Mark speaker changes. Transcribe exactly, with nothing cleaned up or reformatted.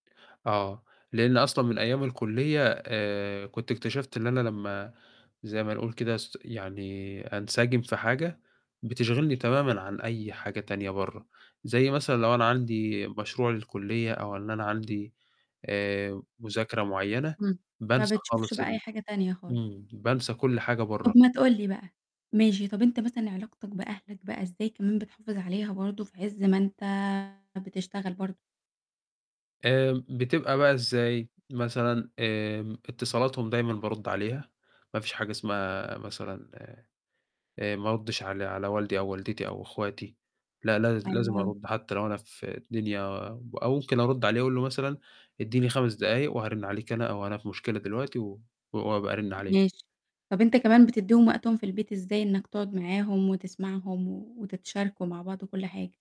Speaker 1: آه، لإن أصلًا من أيام الكُلّية آآ كنت اكتشفت اللي أنا لمّا زي ما نقُول كده أس يعني أنسجم في حاجة، بتشغلني تمامًا عن أي حاجة تانية بَرّه، زي مثلًا لو أنا عندي مشروع للكُلّية أو إن أنا عندي آآ مذاكرة معيّنة،
Speaker 2: إمم، ما
Speaker 1: بانسى
Speaker 2: بتشوفش
Speaker 1: خالص
Speaker 2: بقى أي
Speaker 1: ال
Speaker 2: حاجة تانية خال
Speaker 1: إمم، بانسى كل حاجة بَرّه.
Speaker 2: طَب ما تقُول لي بقى، ماشي، طَب أنت مثلًا علاقتك بأهلك بقى إزاي كمان بتحافظ عليها برضه في عز ما أنت بتشتغل برضه؟
Speaker 1: آمم بتبقى بقى إزاي مثلًا؟ آمم، اتصالاتهم دايمًا بارُد عليها، ما فيش حاجة اسمها مثلًا آآ ما أردش على على والدي أو والدتي أو أخواتي، لأ لاز
Speaker 2: حلو
Speaker 1: لازم
Speaker 2: أوي.
Speaker 1: أرد حتى لو أنا في الدنيا أو أو ممكن أرد عليه أقُول له مثلًا إدّيني خمس دقايق وهارِن عليك أنا، أو أنا في مشكلة دلوقتي و وابقى أرِن عليك.
Speaker 2: ماشي، طَب أنت كمان بتدّيهم وقتهم في البيت إزاي؟ إنك تقعد معاهم وتسمعهم و وتتشاركوا مع بعض وكل حاجة؟